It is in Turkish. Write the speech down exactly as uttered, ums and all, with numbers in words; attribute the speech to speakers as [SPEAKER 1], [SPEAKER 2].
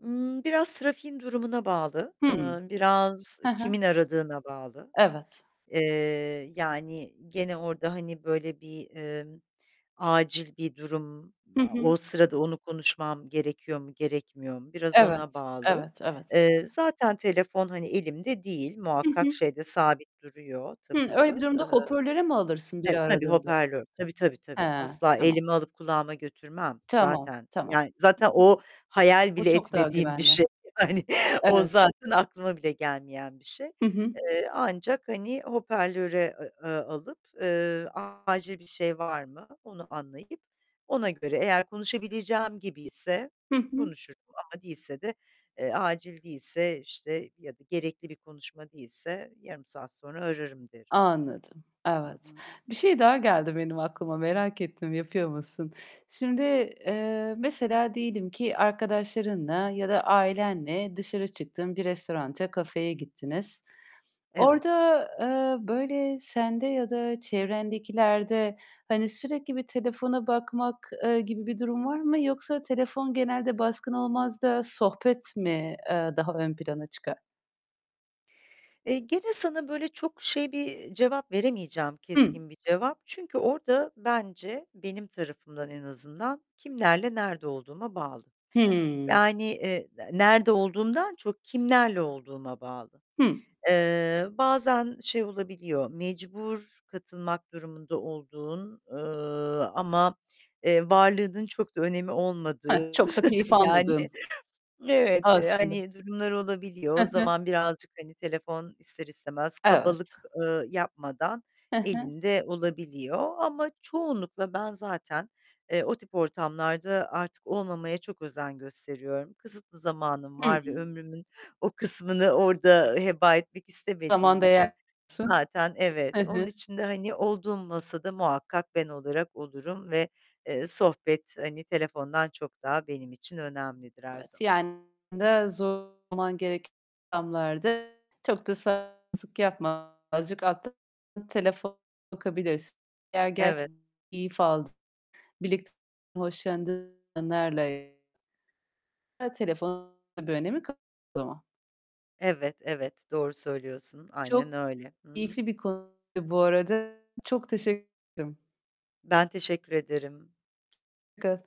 [SPEAKER 1] Iıı, biraz trafiğin durumuna bağlı. Eee,
[SPEAKER 2] Hımm.
[SPEAKER 1] biraz
[SPEAKER 2] Hı hı.
[SPEAKER 1] kimin aradığına bağlı.
[SPEAKER 2] Evet.
[SPEAKER 1] Eee, yani, gene orada hani böyle bir, eee, acil bir durum,
[SPEAKER 2] Hı
[SPEAKER 1] a
[SPEAKER 2] hı.
[SPEAKER 1] o sırada onu konuşmam gerekiyor mu, gerekmiyor mu biraz ona
[SPEAKER 2] Evet,
[SPEAKER 1] bağlı.
[SPEAKER 2] evet, evet,
[SPEAKER 1] Eee,
[SPEAKER 2] evet.
[SPEAKER 1] zaten telefon, hani, elimde değil,
[SPEAKER 2] Hı
[SPEAKER 1] muhakkak
[SPEAKER 2] hı.
[SPEAKER 1] şeyde sabit duruyor
[SPEAKER 2] Hımm, öyle bir
[SPEAKER 1] takılı.
[SPEAKER 2] durumda
[SPEAKER 1] Iıı
[SPEAKER 2] hopörlere mi alırsın
[SPEAKER 1] Evet
[SPEAKER 2] biri
[SPEAKER 1] tabii
[SPEAKER 2] aradığında?
[SPEAKER 1] hoperlör. Tabii, tabii, tabii.
[SPEAKER 2] Hee,
[SPEAKER 1] Asla
[SPEAKER 2] tamam.
[SPEAKER 1] elime alıp kulağıma götürmem
[SPEAKER 2] Tamam,
[SPEAKER 1] zaten.
[SPEAKER 2] tamam. [unintelligible]
[SPEAKER 1] Yani zaten o hayal
[SPEAKER 2] Bu
[SPEAKER 1] bile
[SPEAKER 2] çok daha
[SPEAKER 1] etmediğim bir
[SPEAKER 2] güvenli.
[SPEAKER 1] şey. Hani, o
[SPEAKER 2] Evet.
[SPEAKER 1] zaten aklıma bile gelmeyen bir şey.
[SPEAKER 2] Hı hı.
[SPEAKER 1] Eee, ancak, hani, hoperlöre, eee, aaa, alıp, eee, acil bir şey var mı onu anlayıp ona göre Eğer konuşabileceğim gibiyse
[SPEAKER 2] Hı hı.
[SPEAKER 1] konuşurum. Ama değilse de, eee, acil değilse, işte, ya da gerekli bir konuşma değilse yarım saat sonra ararım derim.
[SPEAKER 2] Anladım.
[SPEAKER 1] Hı
[SPEAKER 2] Evet.
[SPEAKER 1] hı.
[SPEAKER 2] Bir şey daha geldi benim aklıma. Merak ettim, yapıyor musun? Şimdi, eee, mesela diyelim ki, arkadaşlarınla ya da ailenle dışarı çıktın, bir restoranta, kafeye gittiniz.
[SPEAKER 1] Evet.
[SPEAKER 2] Orada, eee, böyle sende ya da çevrendekilerde, hani, sürekli bir telefona bakmak, eee, gibi bir durum var mı? Yoksa telefon genelde baskın olmaz da sohbet mi, eee, daha ön plana çıkar?
[SPEAKER 1] Eee, gene sana böyle çok şey bir, eee, cevap veremeyeceğim,
[SPEAKER 2] Hımm.
[SPEAKER 1] keskin bir cevap. Çünkü orada bence, benim tarafımdan en azından kimlerle nerede olduğuma bağlı.
[SPEAKER 2] Hımm.
[SPEAKER 1] Yani, eee, nerede olduğumdan çok kimlerle olduğuma bağlı.
[SPEAKER 2] Hı.
[SPEAKER 1] Eee, bazen şey olabiliyor mecbur katılmak durumunda olduğun, eee, ama, eee, varlığının çok da önemi
[SPEAKER 2] Hıh,
[SPEAKER 1] olmadığı.
[SPEAKER 2] çok da keyif
[SPEAKER 1] Yani,
[SPEAKER 2] almadığın
[SPEAKER 1] evet,
[SPEAKER 2] Aslında.
[SPEAKER 1] hani durumlar olabiliyor.
[SPEAKER 2] Hı
[SPEAKER 1] O
[SPEAKER 2] hı.
[SPEAKER 1] zaman birazcık hani telefon ister istemez
[SPEAKER 2] Evet.
[SPEAKER 1] kabalık, ııı, yapmadan
[SPEAKER 2] Hı hı.
[SPEAKER 1] elinde olabiliyor. Ama çoğunlukla ben zaten, eee, o tip ortamlarda artık olmamaya çok özen gösteriyorum. Kısıtlı zamanım
[SPEAKER 2] Hı.
[SPEAKER 1] var ve ömrümün o kısmını orada heba etmek
[SPEAKER 2] Zaman
[SPEAKER 1] istemediğim için
[SPEAKER 2] değer
[SPEAKER 1] zaten
[SPEAKER 2] Hı
[SPEAKER 1] evet, onun
[SPEAKER 2] hı.
[SPEAKER 1] için de hani olduğum masada muhakkak ben olarak olurum ve, eee, sohbet hani telefondan çok daha benim için önemlidir her
[SPEAKER 2] Evet,
[SPEAKER 1] zaman.
[SPEAKER 2] yani de zorlaman gereken ortamlarda çok da sal yapma azıcık alttan telefon bakabilirsin. Eğer
[SPEAKER 1] Evet.
[SPEAKER 2] gerçekten keyif aldığın, birlikte hoşlandığın anlarla ya, telefonun da bir önemi kalmaz o zaman.
[SPEAKER 1] Evet, evet. Doğru söylüyorsun. Aynen
[SPEAKER 2] Çok
[SPEAKER 1] öyle. Hı hı.
[SPEAKER 2] keyifli bir konuydu bu arada. Çok teşekkür ederim.
[SPEAKER 1] Ben teşekkür ederim.
[SPEAKER 2] Hoşçakal.